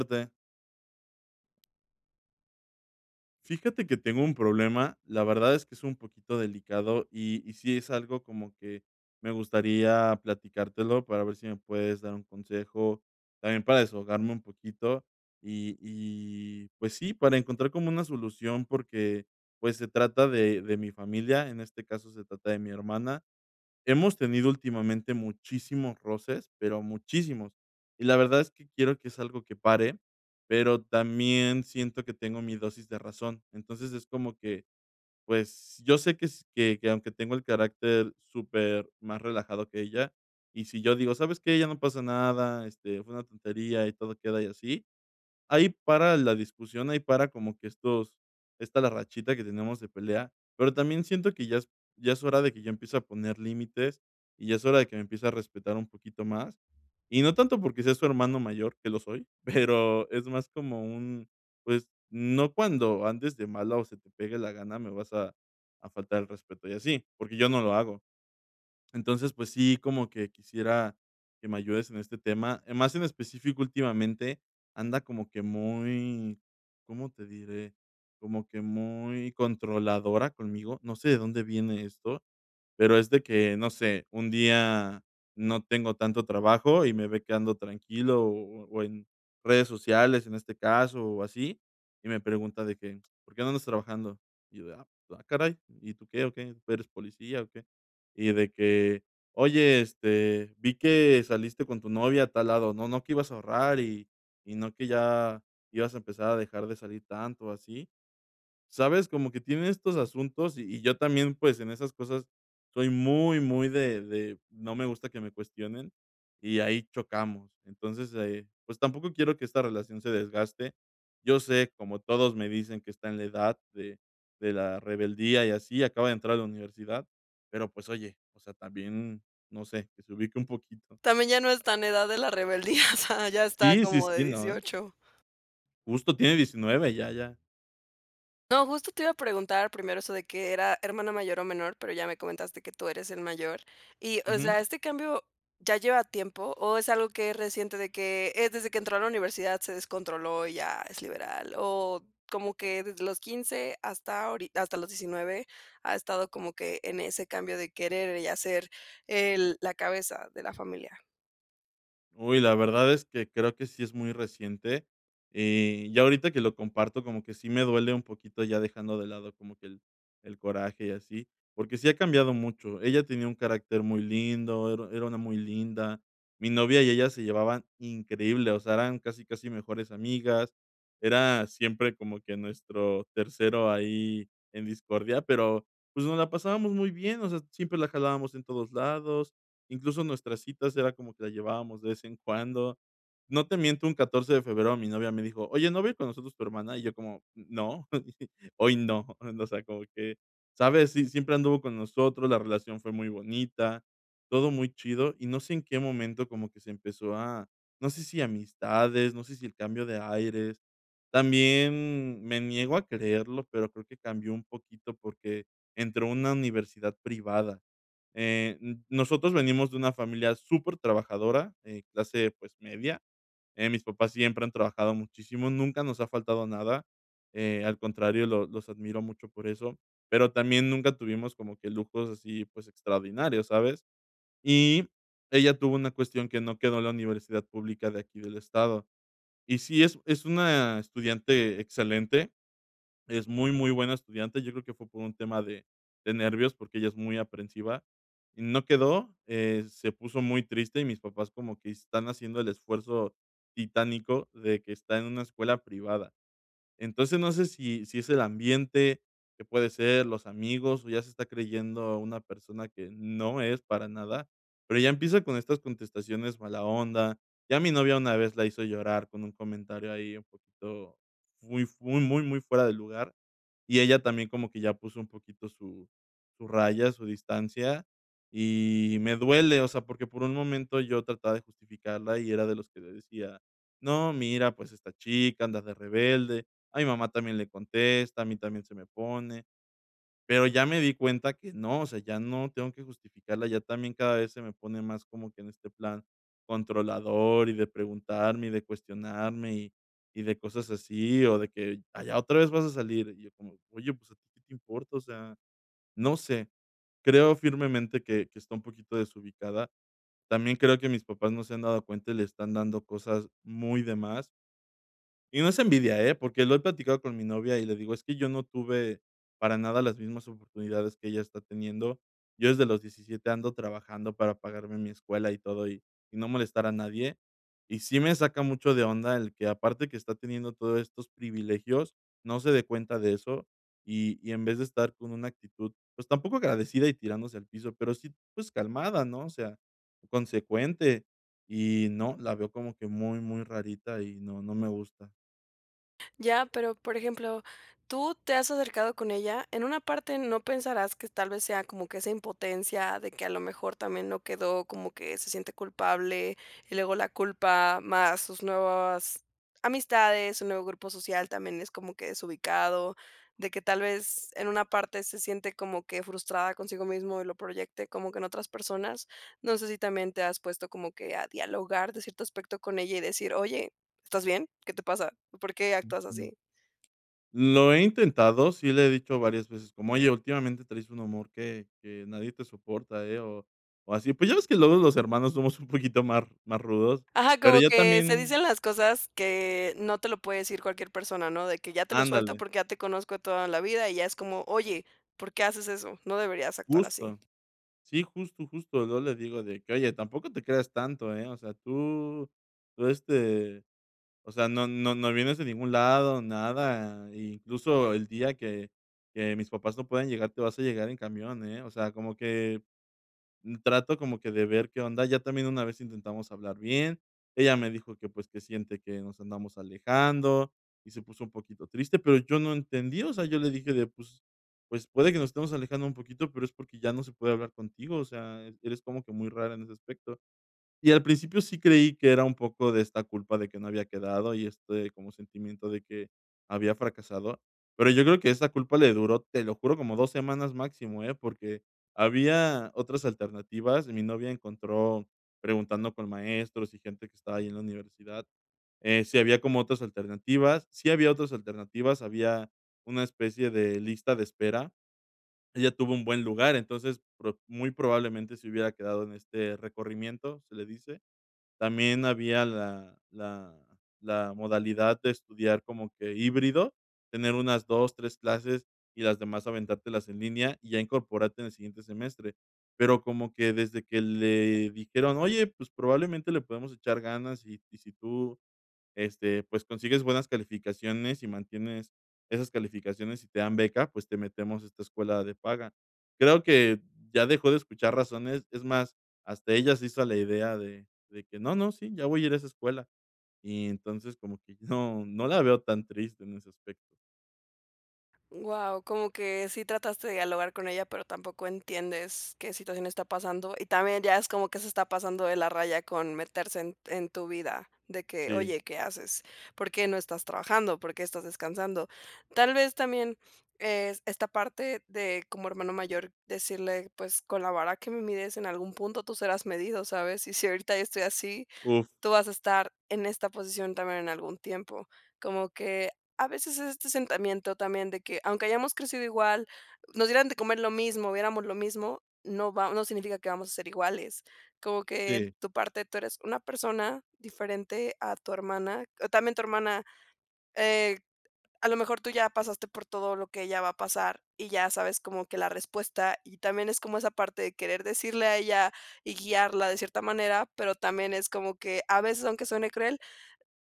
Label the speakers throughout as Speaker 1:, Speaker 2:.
Speaker 1: [unintelligible] Fíjate que tengo un problema, la verdad es que es un poquito delicado y y sí es algo como que me gustaría platicártelo para ver si me puedes dar un consejo, también para desahogarme un poquito, y y, pues, sí, para encontrar como una solución porque, pues, se trata de de mi familia, en este caso, se trata de mi hermana. Hemos tenido últimamente muchísimos roces, pero muchísimos, y la verdad es que quiero que es algo que pare, pero también siento que tengo mi dosis de razón. Entonces, es como que, pues, yo sé que s que que aunque tengo el carácter supermás relajado que ella, y si yo digo: "¿Sabes qué? Ya no pasa nada, este, fue una tontería y todo queda y así". Ahí para la discusión, ahí para como que estos esta la rachita que tenemos de pelea. Pero también siento que ya es ya es hora de que ya empiece a poner límites y ya es hora de que me empiece a respetar un poquito más, y no tanto porque sea su hermano mayor, que lo soy, pero es más como un, pues, no cuando andes de malas o se te pegue la gana, me vas a a faltar el respeto y así, porque yo no lo hago. Entonces, pues sí, como que quisiera que me ayudes en este tema. Más en específico, últimamente anda como que muy, ¿cómo te diré? Como que muy controladora conmigo, no sé de dónde viene esto, pero es de que, no sé, un día no tengo tanto trabajo y me ve que ando tranquilo o o en redes sociales, en este caso, o así, y me pregunta de que: "¿Por qué no andas trabajando?". Y yo de: "Ah, ah caray, ¿y tú qué o qué? ¿Tú eres policía o qué?". Y de que: "Oye, este, vi que saliste con tu novia a tal lado, no no que ibas a ahorrar y y no que ya ibas a empezar a dejar de salir tanto o así", ¿sabes? Como que tiene estos asuntos y y yo también, pues, en esas cosas soy muy, muy de de no me gusta que me cuestionen y ahí chocamos. Entonces, eh, pues, tampoco quiero que esta relación se desgaste. Yo sé, como todos me dicen, que está en la edad de de la rebeldía y así, acaba de entrar a la universidad. Pero, pues, oye, o sea, también, no sé, que se ubique un poquito.
Speaker 2: También ya no está en edad de la rebeldía, o sea, ya está
Speaker 1: Sí, sí,
Speaker 2: como de
Speaker 1: sí, no, eh.
Speaker 2: 18.
Speaker 1: Justo tiene 19 ya, ya.
Speaker 2: No, justo te iba a preguntar primero eso de que era hermana mayor o menor, pero ya me comentaste que tú eres el mayor y, o
Speaker 1: Ujú.
Speaker 2: sea, ¿este cambio ya lleva tiempo o es algo que es reciente, de que es desde que entró a la universidad se descontroló y ya es liberal? O como que desde los 15 hasta ahori hasta los 19 ha estado como que en ese cambio de querer y hacer el la cabeza de la familia.
Speaker 1: Uy, la verdad es que creo que sí es muy reciente. Y, ya ahorita que lo comparto como que sí me duele un poquito ya dejando de lado como que el el coraje y así, porque sí ha cambiado mucho. Ella tenía un carácter muy lindo, era era una muy linda. Mi novia y ella se llevaban increíble, o sea, eran casi, casi mejores amigas. Era siempre como que nuestro tercero ahí en discordia, pero, pues, nos la pasábamos muy bien, o sea, siempre la jalábamos en todos lados, incluso nuestras citas era como que la llevábamos de vez en cuando. No te miento un 14 de febrero, mi novia me dijo: "Oye, ¿no va a ir con nosotros tu hermana?". Y yo: "¿Cómo?, no, hoy no", o sea, como que, ¿sabes? Si siempre anduvo con nosotros, la relación fue muy bonita, todo muy chido, y no sé en qué momento como que se empezó a no sé si amistades, no sé si el cambio de aires, también me niego a creerlo, pero creo que cambió un poquito porque entró a una universidad privada. Eh, n nosotros venimos de una familia supertrabajadora, eh, clase, pues, media, eh, mis papás siempre han trabajado muchísimo, nunca nos ha faltado nada, eh, al contrario, los los admiro mucho por eso, pero también nunca tuvimos como que lujos así, pues, extraordinarios, ¿sabes? Y ella tuvo una cuestión que no quedó en la universidad pública de aquí del estado. Y sí, es es una estudiante excelente, es muy, muy buena estudiante, yo creo que fue por un tema de de nervios, porque ella es muy aprensiva, y no quedó, eh, se puso muy triste y mis papás como que están haciendo el esfuerzo titánico de que está en una escuela privada. Entonces, no sé si si es el ambiente que puede ser, los amigos, o ya se está creyendo a una persona que no es para nada, pero ya empieza con estas contestaciones mala onda. Ya a mi novia una vez la hizo llorar con un comentario ahí un poquito fui fu muy, muy, muy fuera de lugar, y ella también como que ya puso un poquito su su raya, su distancia, y me duele, o sea, porque por un momento yo trataba de justificarla y era de los que le decía: "No, mira, pues, esta chica, anda de rebelde, a mi mamá también le contesta, a mí también se me pone", pero ya me di cuenta que no, o sea, ya no tengo que justificarla, ya también cada vez se me pone más como que en este plan controlador y de preguntarme y de cuestionarme y y de cosas así, o de que: "Ay, ¿ya otra vez vas a salir?". Y yo como: "Oye, pues, ¿a ti que te importa?". O sea, no sé, creo firmemente que que está un poquito desubicada. También creo que mis papás no se han dado cuenta y le están dando cosas muy de más. Y no es envidia, eh, porque lo he platicado con mi novia y le digo: "Es que yo no tuve para nada las mismas oportunidades que ella está teniendo. Yo desde los 17 ando trabajando para pagarme mi escuela y todo y y no molestar a nadie". Y sí me saca mucho de onda el que, aparte que está teniendo todos estos privilegios, no se dé cuenta de eso, y y en vez de estar con una actitud, pues, tampoco agradecida y tirándose al piso, pero sí, pues calmada, ¿no? O sea, consecuente. Y no, la veo como que muy, muy rarita y no, no me gusta.
Speaker 2: Ya, pero, por ejemplo, ¿tú te has acercado con ella?, en una parte, ¿no pensarás que tal vez sea como que esa impotencia de que a lo mejor también no quedó?, como que se siente culpable y luego la culpa más sus nuevas amistades, su nuevo grupo social también es como que desubicado, de que tal vez en una parte se siente como que frustrada consigo mismo y lo proyecte, como que en otras personas, no sé si también te has puesto como que a dialogar de cierto aspecto con ella y decir: "Oye, ¿estás bien?, ¿qué te pasa?, ¿por qué actúas
Speaker 1: Ujú.
Speaker 2: así?".
Speaker 1: Lo he intentado, sí le he dicho varias veces, como: "Oye, últimamente traes un humor que que nadie te soporta, eh", o o así, pues ya ves que luego los hermanos somos un poquito más, más rudos,
Speaker 2: Ajá,
Speaker 1: pero
Speaker 2: como
Speaker 1: ya
Speaker 2: que se
Speaker 1: también.
Speaker 2: dicen las cosas que no te lo puede decir cualquier persona, ¿no?, de que ya te lo suelto
Speaker 1: Ándale.
Speaker 2: porque ya te conozco de toda la vida, y ya es como: "Oye, ¿por qué haces eso?, no deberías actuar así".
Speaker 1: Justo. Sí, justo, justo. Yo le digo de que: "Oye, tampoco te creas tanto, ¿eh?, o sea, tú tú, este, o sea, no no no vienes de ningún lado, nada, i incluso el día que que mis papás no puedan llegar, te vas a llegar en camión, ¿eh?". O sea, como que mm, trato, como que de ver qué onda, ya también una vez intentamos hablar bien, ella me dijo que, pues, que siente que nos andamos alejando y se puso un poquito triste, pero yo no entendí, o sea, yo le dije de: "Pues, pues, puede que nos estemos alejando un poquito, pero es porque ya no se puede hablar contigo, o sea, eres como que muy rara en ese aspecto". Y al principio sí creí que era un poco de esta culpa de que no había quedado y este como sentimiento de que, había fracasado, pero yo creo que esta culpa le duró, te lo juro, como 2 semanas máximo, eh, porque había otras alternativas, mi novia encontró, preguntando con maestros y gente que estaba ahí en la universidad, eh, si había como otras alternativas, sí había otras alternativas, había una especie de lista de espera. Ella tuvo un buen lugar, entonces, pro muy probablemente se hubiera quedado en este recorrimiento, se le dice, también había la la la modalidad de estudiar como que híbrido, tener unas 2, 3 clases, y las demás aventártelas en línea, y ya incorporarte en el siguiente semestre. Pero como que desde que le dijeron: "Oye, pues, probablemente le podemos echar ganas y y si tú, este, pues, consigues buenas calificaciones y mantienes esas calificaciones y te dan beca, pues, te metemos a esta escuela de paga", creo que, ya dejó de escuchar razones, es más, hasta ella se hizo a la idea de de que: "No, no, sí, ya voy a ir a esa escuela", y entonces, como que no, no la veo tan triste en ese aspecto.
Speaker 2: Guau, como que sí trataste de dialogar con ella, pero tampoco entiendes qué situación está pasando. Y también ya es como que se está pasando de la raya con meterse en en tu vida, de que:
Speaker 1: Sí.
Speaker 2: "Oye, ¿qué haces? ¿Por qué no estás trabajando? ¿Por qué estás descansando?". Tal vez también es esta parte de como hermano mayor, decirle, pues, con la vara que me mires en algún punto, tú serás medido, ¿sabes? Y si ahorita yo estoy así,
Speaker 1: Uf.
Speaker 2: tú vas a estar en esta posición también en algún tiempo. Como que a veces es este sentimiento también de que, aunque hayamos crecido igual, nos dieran de comer lo mismo, viéramos lo mismo, no va no significa que vamos a ser iguales. Como que en
Speaker 1: Sí.
Speaker 2: tu parte tú eres una persona diferente a tu hermana, también tu hermana, eh, a lo mejor tú ya pasaste por todo lo que ella va a pasar, y ya sabes como que la respuesta, y también es como esa parte de querer decirle a ella y guiarla de cierta manera, pero también es como que, a veces, aunque suene cruel,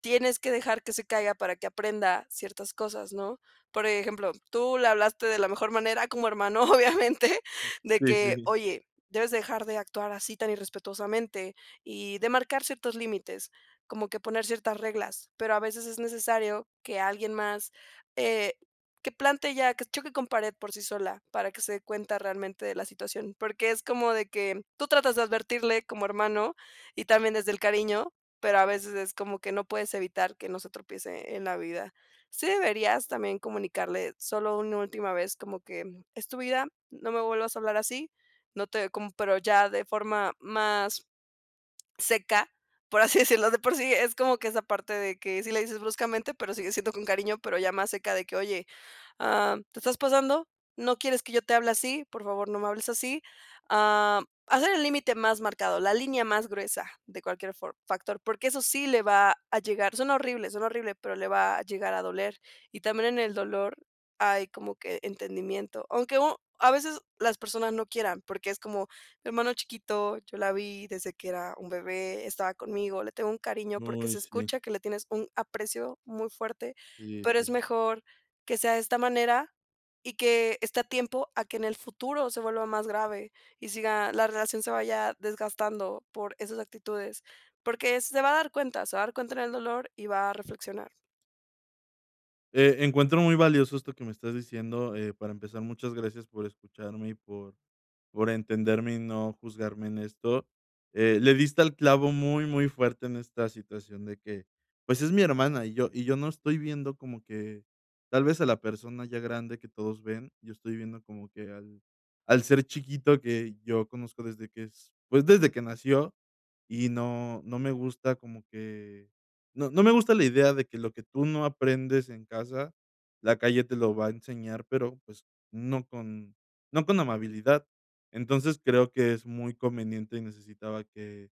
Speaker 2: tienes que dejar que se caiga para que aprenda ciertas cosas, ¿no? Por ejemplo, tú le hablaste de la mejor manera como hermano, obviamente, de
Speaker 1: Sí,
Speaker 2: que:
Speaker 1: sí.
Speaker 2: "Oye, debes dejar de actuar así tan irrespetuosamente", y de marcar ciertos límites, como que poner ciertas reglas, pero a veces es necesario que alguien más, eh, que plante ya, que choque con pared por sí sola para que se dé cuenta realmente de la situación, porque es como de que tú tratas de advertirle como hermano y también desde el cariño, pero a veces es como que no puedes evitar que no se tropiece en la vida. Sí deberías también comunicarle solo una última vez, como que es tu vida, no me vuelvas a hablar así, no te como pero ya de forma más seca, por así decirlo, de por sí, es como que esa parte de que sí le dices bruscamente, pero sigue siendo con cariño, pero ya más seca de que: "Oye, ah, te estás pasando, ¿no quieres que yo te hable así? Por favor, no me hables así". Ah, hacer el límite más marcado, la línea más gruesa de cualquier for factor, porque eso sí le va a llegar. Suena horrible, suena horrible, pero le va a llegar a doler, y también en el dolor hay como que entendimiento. Aunque u a veces las personas no quieran, porque es como: "Hermano chiquito, yo la vi desde que era un bebé, estaba conmigo, le tengo un cariño", porque
Speaker 1: Uy,
Speaker 2: se
Speaker 1: sí.
Speaker 2: escucha que le tienes un aprecio muy fuerte,
Speaker 1: Sí,
Speaker 2: pero es
Speaker 1: sí.
Speaker 2: mejor que sea de esta manera y que esté a tiempo a que en el futuro se vuelva más grave y siga la relación se vaya desgastando por esas actitudes. Porque se va a dar cuenta, se va a dar cuenta en el dolor y va a reflexionar.
Speaker 1: Eh, encuentro muy valioso esto que me estás diciendo, eh, para empezar, muchas gracias por escucharme y por por entenderme y no juzgarme en esto. Eh, le diste al clavo muy, muy fuerte en esta situación de que, pues, es mi hermana y yo y yo no estoy viendo como que tal vez a la persona ya grande que todos ven, yo estoy viendo como que al al ser chiquito que yo conozco desde que es, pues, desde que nació y no no me gusta como que, no no me gusta la idea de que lo que tú no aprendes en casa, la calle te lo va a enseñar, pero, pues, no con no con amabilidad. Entonces, creo que es muy conveniente y necesitaba que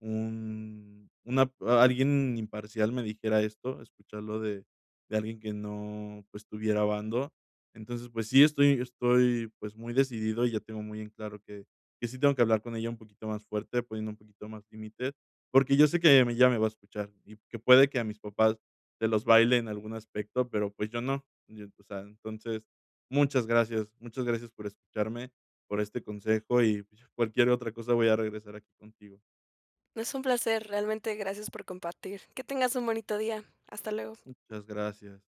Speaker 1: un una p alguien imparcial me dijera esto, escucharlo de de alguien que no, pues, tuviera bando. Entonces, pues sí, estoy estoy, pues, muy decidido y ya tengo muy en claro que que sí tengo que hablar con ella un poquito más fuerte, poniendo un poquito más límite, porque yo sé que ella ya me va a escuchar, y que puede que a mis papás se los baile en algún aspecto, pero, pues, yo no. Yo, o sea, entonces, muchas gracias, muchas gracias por escucharme, por este consejo, y, pues, ya, cualquier otra cosa, voy a regresar aquí contigo.
Speaker 2: Es un placer, realmente gracias por compartir. Que tengas un bonito día. Hasta luego.
Speaker 1: Muchas gracias.